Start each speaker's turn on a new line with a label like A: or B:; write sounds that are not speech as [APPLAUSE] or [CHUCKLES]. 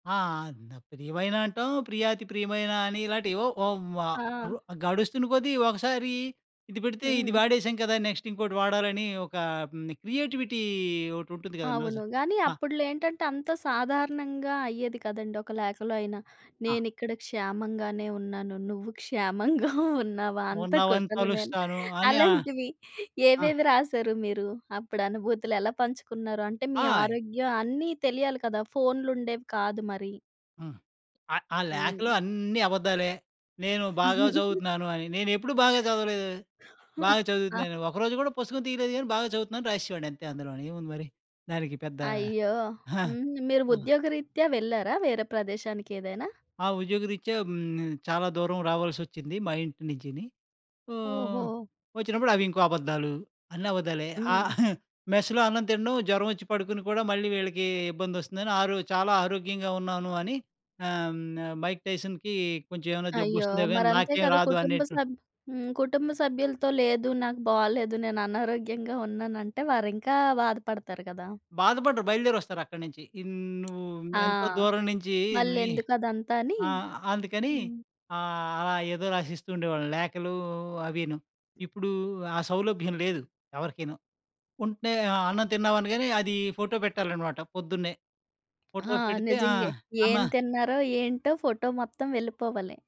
A: ఆ! అంద్ ప్రియమైన అంటాం, ప్రియాతి ప్రియమైన అని ఇలాటేవో ఒ వ రు
B: ఆ!
A: గడుస్తున్న కొద్దీ ఒకసారీ ఇది పెడితే ఇది
B: హ్మ్.
A: వాడేసాం కదా! నెక్స్టింకోటి వాడాలనీ ఒకా ఆహ్, హ్మ్, క్రియేటివిటీ ఒకటుంటుంది గదా నోజ్
B: అవును. గానీ,
A: ఆ!
B: అప్పుడులో ఏంటంటే, అంతా సాధారణంగా అయ్యేది కదండి, ఒక లేఖలో అయినా.
A: ఆ!
B: నేనిక్కడ క్షేమంగానే ఉన్నాను, నువ్వు క్షేమంగా ఉన్నావా అంత
A: ఉన్నావని
B: కుశలమేన
A: తలుస్తాను అని ఆహ్
B: అలాంటివి.
A: ఆ!
B: ఏవేవి రాశారు మీరు? అప్పుడనుభూతులు ఎలా పంచుకున్నారు? అంటే, మీ
A: ఆయ్!
B: ఆరోగ్యం అన్నీ తెలియాలి కదా! ఫోన్లుండేవి కాదు మరి.
A: ఆ! ఆ ఆ లేఖలో
B: హ్మ్.
A: అన్నీ అబద్దాలే, నేను బాగా
B: [LAUGHS]
A: జదువుతున్నాను అని. నేనెప్పుడూ బాగా జదవలేదు. బాగా
B: [GIGGLES] ఆ!
A: చదువుతున్నానని. ఒకరోజు గూడా పుస్తకం తీలేదు గానీ, బాగా జదువుతున్నానని రాసేసేవాడినంతే అందులోనేముంది మరి. దానికి పెద్దా
B: అయ్యో!
A: [CHUCKLES]
B: హ్మ్. మీరు
A: ఆ!
B: ఉద్యోగరీత్యా వెళ్లారా వేరే ప్రదేశానికేదైనా?
A: ఆ! ఉద్యోగరీత్యా హ్మ్, చాలా దూరం రావాల్సొచ్చింది మా ఇంటి నించీని. ఆహ్,
B: ఓహో!
A: వచ్చినప్పుడవింకో అబద్ధాలు. అన్నబద్ధాలే. ఆ!
B: హ్మ్.
A: [CHUCKLES] మెస్‌లో అన్నం తినడం, జ్వరవొచ్చి పడుకొని కూడా మళ్ళీ వీళ్ళకీ ఇబ్బందొస్తుందని ఆరో చాలా ఆరోగ్యంగా ఉన్నాను అని ఆహ్, హ్మ్, 'మైక్ టైసన్‌'కీ కొంచెవేమన్నా
B: అయ్యో!
A: జబ్బొస్తుందో గానీ,
B: మరంతే
A: నాకేం
B: కద
A: రాదు
B: కుటుంబ
A: అనేటువ
B: సభ్ హ్మ్. కుటుంబ సభ్యులతో, లేదు నాకు బాలేదు, నేననారోగ్యంగా ఉన్నానంటే, వారింకా బాధపడతారు కదా!
A: బాధపడరు, బయలుదేరొస్తారక్కడ నించి. ఇన్ నువ్వూ
B: ఆ!
A: ఎంతో దూరం నించీ మళ్ళీ
B: మళ్ళెందుకదంతా అనీ.
A: ఆ! అందుకనీ
B: హ్మ్.
A: ఆహ్, అలా ఏదో రాసిస్తూ ఉండేవాళ్ళని లేఖలూ అవీను.ఇప్పుడూ ఆ సౌలభ్యం లేదు ఎవరికిను. ఉంటే ఆహ్, అన్నం తిన్నావనగానే, అది ఫోటో పెట్టాలనమాట పొద్దున్నే.
B: ఆ!
A: ఫోటో పెడితే ఆ!
B: నిజంగే. ఏం
A: అమ్మ
B: తిన్నారో ఏంటో ఫోటో మొత్తం వెళ్ళిపోవాలి.